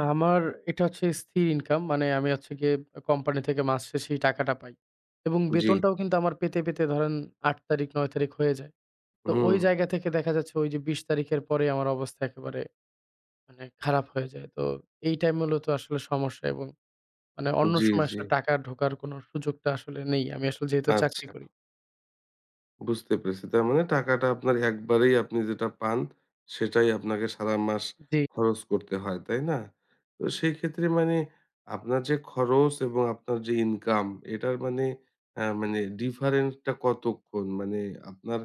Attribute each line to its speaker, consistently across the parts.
Speaker 1: আমার এটা হচ্ছে স্থির ইনকাম। মানে আমি হচ্ছে গিয়ে আ কোম্পানি থেকে মাস শেষে এই টাকাটা পাই। এবং
Speaker 2: জি।
Speaker 1: বেতনটাও কিন্তু আমার পেতে, পেতে ধরেন ৮ তারিখ ৯ তারিখ হয়ে যায়। তো ওই
Speaker 2: হুম।
Speaker 1: জায়গা থেকে দেখা যাচ্ছে ওইযে ২০ তারিখের পরেই আমার অবস্থা একেবারে মানে খারাপ হয়ে যায়। তো এইটাই মূলত আসলে সমস্যা এবং মানে অন্য
Speaker 2: জি,
Speaker 1: সময়
Speaker 2: জি।
Speaker 1: আসলে টাকা ঢোকার কোনো সুযোগটা আসলে নেই। আমি আসলে যেহেতু চাকরি
Speaker 2: আচ্ছা।
Speaker 1: করি।
Speaker 2: বুঝতে পেরেছি। তার মানে টাকাটা আপনার একবারেই আপনি যেটা পান, সেটাই আপনাকে সারা মাস
Speaker 1: উ জি।
Speaker 2: খরচ করতে হয়, তাই না? তো সেই ক্ষেত্রে মানে, আপনার যে খরচ এবং আপনার যে ইনকাম এটার মানে অ্যা মানে ডিফারেন্ট টা কতক্ষণ? মানে আপনার,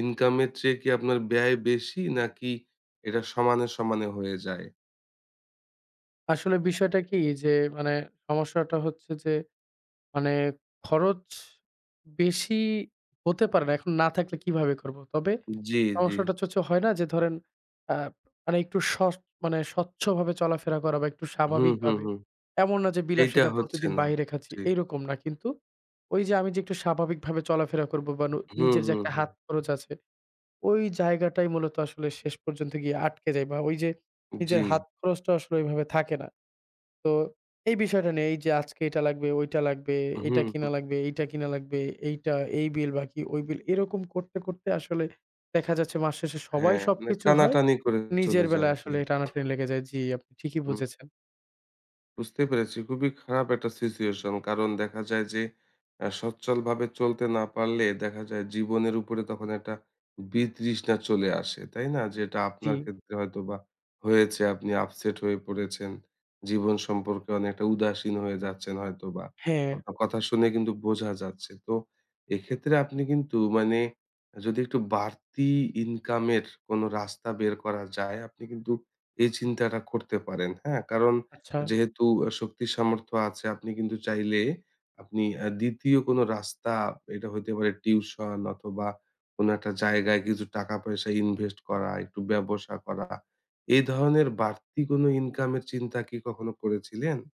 Speaker 2: ইনকামের চেয়ে কি আপনার ব্যয় বেশি নাকি এইটা সমানে, সমানে হয়ে যায়?
Speaker 1: আসলে বিষয়টা কি? যে মানে, সমস্যাটা হচ্ছে যে, মানে খরচ বেশি হতে পারে না। এখন না থাকলে কিভাবে করব? তবে,
Speaker 2: জি, জি।
Speaker 1: সমস্যাটা হচ্ছে হচ্ছে হয় না? যে ধরেন আ মানে একটু স মানে স্বচ্ছভাবে চলাফেরা করা বা একটু
Speaker 2: হুম, হুম,
Speaker 1: স্বাভাবিকভাবে।
Speaker 2: হুম।
Speaker 1: এমন না যে
Speaker 2: এইটা
Speaker 1: বিলাসিতা
Speaker 2: হচ্ছে
Speaker 1: প্রতিদিন
Speaker 2: না।
Speaker 1: বাহিরে খাচ্ছি
Speaker 2: জি।
Speaker 1: এইরকম না কিন্তু, ঐযে আমি যে একটু স্বাভাবিকভাবে চলাফেরা করব বা নু
Speaker 2: হুম,
Speaker 1: নিজের যে
Speaker 2: হুম,
Speaker 1: একটা
Speaker 2: হুম।
Speaker 1: হাত খরচ আছে। ওই জায়গাটাই মূলত আসলে শেষ পর্যন্ত গিয়ে আটকে যাই বা ঐযে নিজের
Speaker 2: জি।
Speaker 1: হাত খরচটা আসলে ওইভাবে থাকে না। তো, এই বিষয়টা নিয়ে এইযে আজকে এটা লাগবে, ঐটা লাগবে,
Speaker 2: হুম,
Speaker 1: এইটা কিনা
Speaker 2: হুম।
Speaker 1: লাগবে, এইটা কিনা লাগবে, এইটা, এই বিল বাকি, ঐ বিল এরকম করতে, করতে আসলে, দেখা যাচ্ছে মাস শেষে সবাই
Speaker 2: হ্যাঁ, মানে
Speaker 1: সবকিছু হয়।
Speaker 2: টানাটানি করে চলে
Speaker 1: নিজের
Speaker 2: যায়।
Speaker 1: বেলায়
Speaker 2: জি।
Speaker 1: আসলে টানাটানি লেগে যায়। জি আপনি ঠিকই
Speaker 2: হুম।
Speaker 1: বুঝেছেন।
Speaker 2: বুঝতে পেরেছি। খুবই খারাপ একটা সিচুয়েশন কারণ দেখা যায় যে, অ্যা সচ্ছলভাবে চলতে না পারলে, দেখা যায় জীবনের উপরে তখন একটা বিতৃষ্ণা চলে আসে, তাই না? যেটা আপনার
Speaker 1: জি।
Speaker 2: ক্ষেত্রে হয়তোবা হয়েছে, আপনি আপসেট হয়ে পড়েছেন। জীবন সম্পর্কে অনেকটা উদাসীন হয়ে যাচ্ছেন হয়তোবা।
Speaker 1: হ্যাঁ।
Speaker 2: আপনার কথা শুনে কিন্তু বোঝা যাচ্ছে। তো এইক্ষেত্রে আপনি কিন্তু মানে যদি একটু বাড়তি ইনকামের কোনো রাস্তা বের করা যায় আপনি কিন্তু এই চিন্তাটা করতে পারেন, হ্যাঁ? কারণ
Speaker 1: আচ্ছা।
Speaker 2: যেহেতু অ্যা শক্তি সামর্থ্য আছে আপনি কিন্তু চাইলে আপনি অ্যা ২য় কোনো রাস্তা, এইটা হইতে পারে টিউশন অথবা কোনো একটা জায়গায় কিছু টাকা-পয়সা ইনভেস্ট করা, একটু ব্যবসা করা। এ ধরনের বাড়তি কোনো ইনকামের চিন্তা কি কখনো করেছিলেন?